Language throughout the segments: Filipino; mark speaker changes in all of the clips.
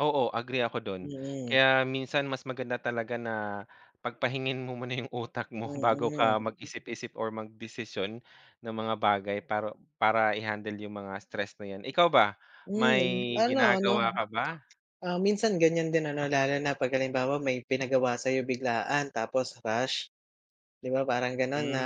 Speaker 1: Oo. Agree ako dun.
Speaker 2: Mm.
Speaker 1: Kaya minsan mas maganda talaga na pagpahingain mo muna yung utak mo bago ka
Speaker 2: Mm.
Speaker 1: mag-isip-isip or magdesisyon ng mga bagay, para para i-handle yung mga stress na 'yan. Ikaw ba, may
Speaker 2: Hmm. Ano-ano?
Speaker 1: ginagawa ka ba?
Speaker 2: Ah, minsan ganyan din ano lalo na 'pag halimbawa may pinagawa sa'yo biglaan, tapos rush, 'di ba, parang ganon na,
Speaker 1: Hmm.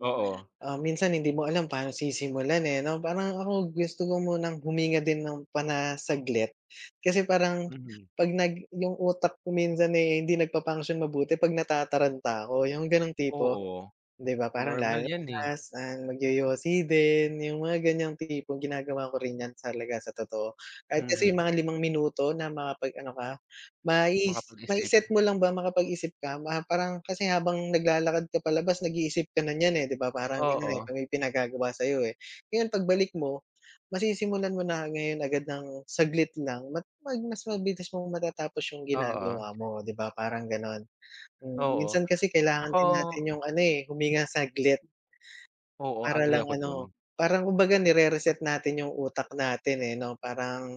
Speaker 1: Oo.
Speaker 2: ah, minsan hindi mo alam paano sisimulan, eh, 'no? Parang ako gusto ko munang huminga din ng pana saglit. Kasi parang
Speaker 1: Mhm.
Speaker 2: 'pag nag yung utak ko minsan, eh, hindi nag pa-function mabuti 'pag natataranta ako yung ganong tipo,
Speaker 1: Oo.
Speaker 2: 'di ba? Parang
Speaker 1: Normal yan, eh.
Speaker 2: lalabas, ah, magyoyosi din, yung mga ganyang tipo ginagawa ko rin yan talaga sa totoo. Kahit kasi
Speaker 1: Mhm.
Speaker 2: yung mga 5 minuto na makapag-ano ka. Ma is
Speaker 1: Makapag-isip.
Speaker 2: ma-i-set mo lang ba makapag-isip ka, ma parang kasi habang naglalakad ka palabas nag-iisip ka na niyan, eh, 'di ba? Parang ganun, eh.
Speaker 1: Oo.
Speaker 2: 'Pag may pinagagawa sa'yo, eh. Ngayon pagbalik mo masisimulan mo na ngayon agad ng saglit lang mag mag mas mabilis mong matatapos yung
Speaker 1: Oo.
Speaker 2: ginagawa mo, oh, 'di ba? Parang ganon. Hmm,
Speaker 1: Oo.
Speaker 2: minsan kasi kailangan
Speaker 1: Ako
Speaker 2: din natin yung ano, eh, huminga saglit.
Speaker 1: Oo.
Speaker 2: Para
Speaker 1: Agree
Speaker 2: lang
Speaker 1: ako dun.
Speaker 2: ano, parang kumbaga nire-reset natin yung utak natin, eh, 'no? Parang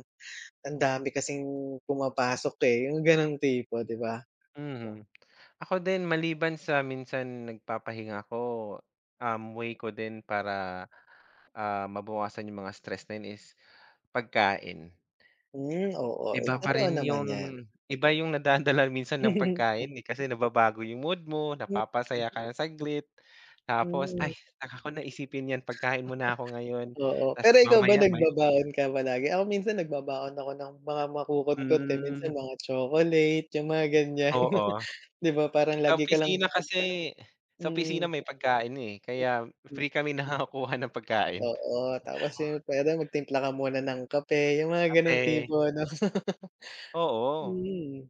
Speaker 2: ang dami kasing pumapasok, eh, yung ganong tipo, 'di ba?
Speaker 1: Mhm. Ako din maliban sa minsan nagpapahinga ako, um, way ko din para, ah, mabawasan yung mga stress na yun is pagkain.
Speaker 2: Hmm. Oo. Eh,
Speaker 1: Iba pa
Speaker 2: totoo
Speaker 1: rin yun
Speaker 2: naman 'yan.
Speaker 1: iba yung nadadala minsan ng pagkain, eh. Kasi nababago yung mood mo,
Speaker 2: Hmm, hmm.
Speaker 1: napapasaya ka ng saglit, tapos,
Speaker 2: Mm.
Speaker 1: "Ay, saka ko naisipin yan, pagkain muna ako ngayon."
Speaker 2: Oo. Pero
Speaker 1: Tapos
Speaker 2: ikaw ba
Speaker 1: mamaya may
Speaker 2: nagbabaon ka palagi? Ako minsan nagbabaon ako ng mga makukutkot, eh, minsan
Speaker 1: Hmm.
Speaker 2: mga chocolate, yung mga ganyan,
Speaker 1: Oo.
Speaker 2: 'di ba? Parang
Speaker 1: Sa
Speaker 2: lagi ka lang
Speaker 1: opisina kasi sa
Speaker 2: Mm.
Speaker 1: opisina may pagkain na, eh,
Speaker 2: Hmm,
Speaker 1: kaya
Speaker 2: hmm.
Speaker 1: free kami nakakakuha ng pagkain.
Speaker 2: Oo. Tapos yung, pwede magtimpla ka muna ng kape, yung mga ganong
Speaker 1: Kape.
Speaker 2: tipo, ano?
Speaker 1: Oo.
Speaker 2: Mhm.